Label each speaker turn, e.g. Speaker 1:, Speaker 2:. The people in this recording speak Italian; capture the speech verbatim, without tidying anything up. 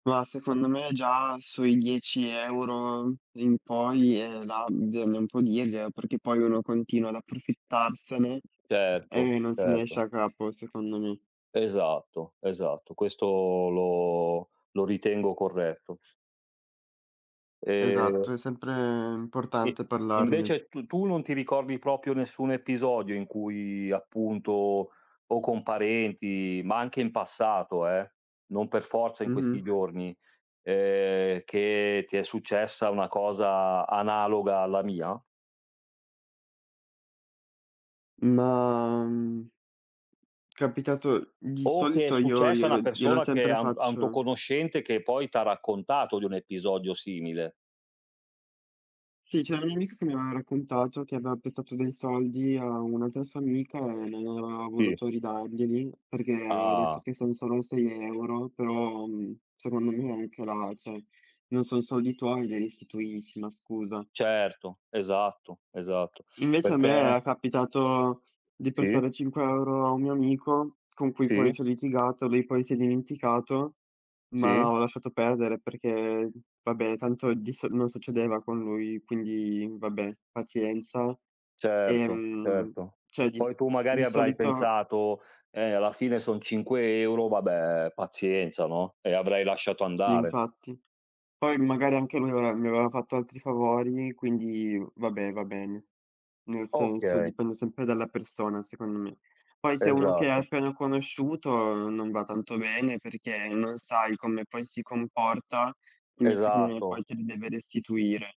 Speaker 1: Ma secondo me già sui dieci euro in poi è là, bisogna un po' dirglielo perché poi uno continua ad approfittarsene
Speaker 2: Certo,
Speaker 1: e non se ne esce
Speaker 2: certo.
Speaker 1: a capo, secondo me.
Speaker 2: Esatto, esatto questo lo lo ritengo corretto.
Speaker 1: Esatto,
Speaker 2: E
Speaker 1: è sempre
Speaker 2: Sì, e
Speaker 1: importante parlargli.
Speaker 2: invece tu tu non ti ricordi propio nessun episodio in cui appunto, o con parenti, ma anche in passato, eh, non per forza in questi
Speaker 1: Mh-mh.
Speaker 2: giorni, ehm, che ti è successa una cosa analoga alla mia?
Speaker 1: Ma, mhmm capitato di
Speaker 2: O che è
Speaker 1: solito io
Speaker 2: successa a una
Speaker 1: glielo glielo
Speaker 2: persona che
Speaker 1: sempre
Speaker 2: a un a un tuo
Speaker 1: faccio
Speaker 2: conoscente che poi t'ha raccontato di un episodio simile.
Speaker 1: Sì, c'è una mia amica che mi aveva raccontato che aveva prestato dei soldi a un'altra sua amica e non aveva
Speaker 2: Sì.
Speaker 1: voluto ridarglieli, perché aveva detto
Speaker 2: Ah.
Speaker 1: che son solo sei euro però, mhmm, secondo me anche là, ceh, non son soldi tuoi, li restituisci, no, scusa.
Speaker 2: Certo, esatto, esatto.
Speaker 1: Invece a me
Speaker 2: Perché
Speaker 1: era capitato di
Speaker 2: Sì.
Speaker 1: prestare cinque euro a un amico, con cui poi
Speaker 2: Sì.
Speaker 1: c'ho litigato, lui poi si è dimenticato, ma
Speaker 2: Sì.
Speaker 1: ho lasciato perdere perché, vabbè tanto di so non succedeva con lui, quindi vabbè pazienza.
Speaker 2: Certo,
Speaker 1: Ehm,
Speaker 2: certo.
Speaker 1: cioè di
Speaker 2: Poi tu
Speaker 1: sicu di
Speaker 2: magari avrai
Speaker 1: solito
Speaker 2: pensato: "Eh, alla fine son cinque euro, vabbè pazienza, no." E avrai lasciato
Speaker 1: Sì
Speaker 2: andare.
Speaker 1: infatti. Poi magari anche lui mi aveva mi aveva fatto altri favori quindi vabbè, va bene. Nel senso
Speaker 2: Okay.
Speaker 1: dipende sempre dalla persona secondo me. Poi se è uno che hai
Speaker 2: Esatto.
Speaker 1: appena conosciuto uhm non va tanto bene perché non sai come poi si comporta, quindi secondo
Speaker 2: Esatto.
Speaker 1: poi te li deve restituire.